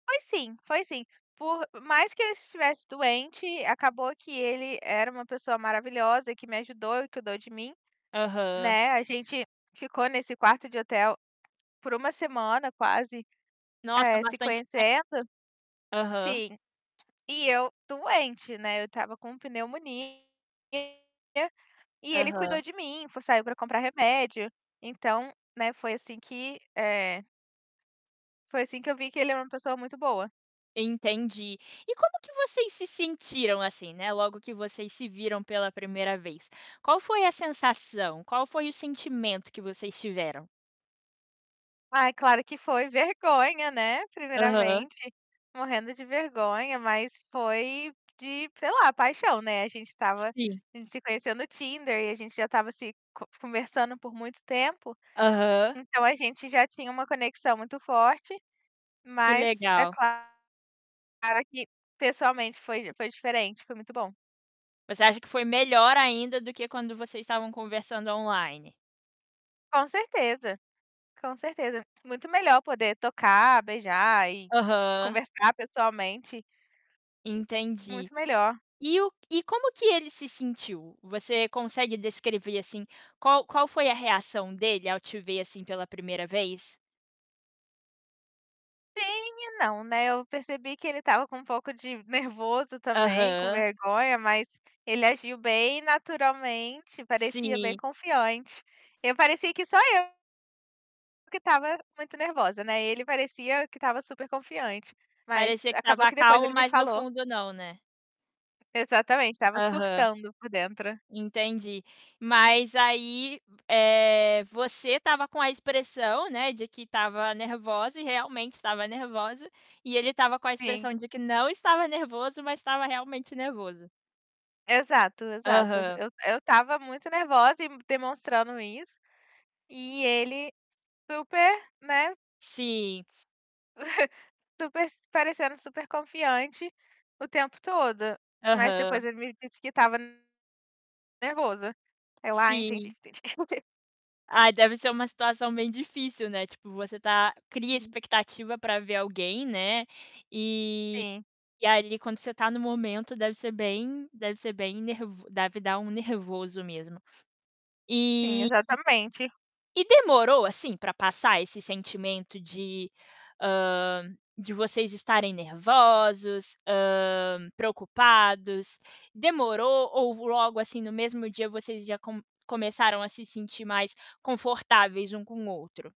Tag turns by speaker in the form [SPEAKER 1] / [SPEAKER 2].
[SPEAKER 1] Foi sim, foi sim, por mais que ele estivesse doente, acabou que ele era uma pessoa maravilhosa que me ajudou e cuidou de mim,
[SPEAKER 2] Aham.
[SPEAKER 1] né, a gente ficou nesse quarto de hotel, por 1 semana quase,
[SPEAKER 2] Nossa
[SPEAKER 1] eh, se
[SPEAKER 2] bastante tem
[SPEAKER 1] conhecendo
[SPEAKER 2] Aham.
[SPEAKER 1] Sim, e eu doente, né, eu estava com pneumonia, e ele cuidou
[SPEAKER 2] Aham.
[SPEAKER 1] de mim, foi saiu para comprar remédio, então, né, foi assim que eh foi assim que eu vi que ele é uma pessoa muito boa.
[SPEAKER 2] Entendi. E como que vocês se sentiram assim, né, logo que vocês se viram pela 1º vez? Qual foi a sensação, qual foi o sentimento que vocês tiveram?
[SPEAKER 1] Ai, claro que foi vergonha, né,
[SPEAKER 2] Aham.
[SPEAKER 1] primeiramente, morrendo de vergonha mas foi de, sei lá, paixão, né, a gente estava
[SPEAKER 2] Sim.
[SPEAKER 1] a gente se conheceu no Tinder e a gente já estava se co conversando por muito tempo,
[SPEAKER 2] Aham.
[SPEAKER 1] então a gente já tinha uma conexão muito forte,
[SPEAKER 2] Que
[SPEAKER 1] mas é
[SPEAKER 2] legal.
[SPEAKER 1] claro que pessoalmente foi foi diferente, foi muito bom.
[SPEAKER 2] Você acha que foi melhor ainda do que quando vocês estavam conversando online?
[SPEAKER 1] Com certeza, com certeza, muito melhor poder tocar, beijar e
[SPEAKER 2] Aham.
[SPEAKER 1] conversar pessoalmente.
[SPEAKER 2] Entendi.
[SPEAKER 1] Muito melhor.
[SPEAKER 2] E o e como que ele se sentiu? Você consegue descrever assim, qual qual foi a reação dele ao te ver assim, pela primeira vez?
[SPEAKER 1] Sim e não, né, eu percebi que ele estava com um pouco de nervoso também, com
[SPEAKER 2] Aham.
[SPEAKER 1] vergonha, mas ele agiu bem naturalmente, parecia bem
[SPEAKER 2] Sim.
[SPEAKER 1] confiante. Eu parecia que só eu que estava muito nervosa, né, ele parecia que estava super confiante, mas
[SPEAKER 2] Parecia que
[SPEAKER 1] acabou
[SPEAKER 2] estava
[SPEAKER 1] que depois
[SPEAKER 2] calmo,
[SPEAKER 1] ele me
[SPEAKER 2] mas no
[SPEAKER 1] falou
[SPEAKER 2] fundo não, né.
[SPEAKER 1] Exatamente, estava
[SPEAKER 2] Aham.
[SPEAKER 1] surtando por dentro.
[SPEAKER 2] Entendi. Mas aí, eh, você estava com a expressão, né, de que estava nervosa e realmente estava nervosa, e ele estava com a
[SPEAKER 1] Sim.
[SPEAKER 2] expressão de que não estava nervoso, mas estava realmente nervoso.
[SPEAKER 1] Exato, exato,
[SPEAKER 2] Aham.
[SPEAKER 1] eu eu estava muito nervosa e demonstrando isso, e ele super, né,
[SPEAKER 2] Sim.
[SPEAKER 1] super se parecendo super confiante o tempo todo, mas depois
[SPEAKER 2] Aham.
[SPEAKER 1] ele me disse que estava, nervoso. Eu: "Ah entendi,
[SPEAKER 2] Sim.
[SPEAKER 1] entendi". [unintelligible]
[SPEAKER 2] Ai, deve ser uma situação bem difícil, né, tipo você tá cria
[SPEAKER 1] Uhum.
[SPEAKER 2] expectativa para ver alguém, né, e
[SPEAKER 1] Sim.
[SPEAKER 2] e ali quando você tá no momento deve ser bem deve ser bem ner deve dar um nervoso mesmo.
[SPEAKER 1] Sim,
[SPEAKER 2] e
[SPEAKER 1] exatamente.
[SPEAKER 2] demorou assim, pra passar esse sentimento de hã, vocês estarem nervosos? Hã, preocupados? Demorou? Ou logo assim, no mesmo dia vocês já com começaram a se sentir mais confortáveis um com o outro?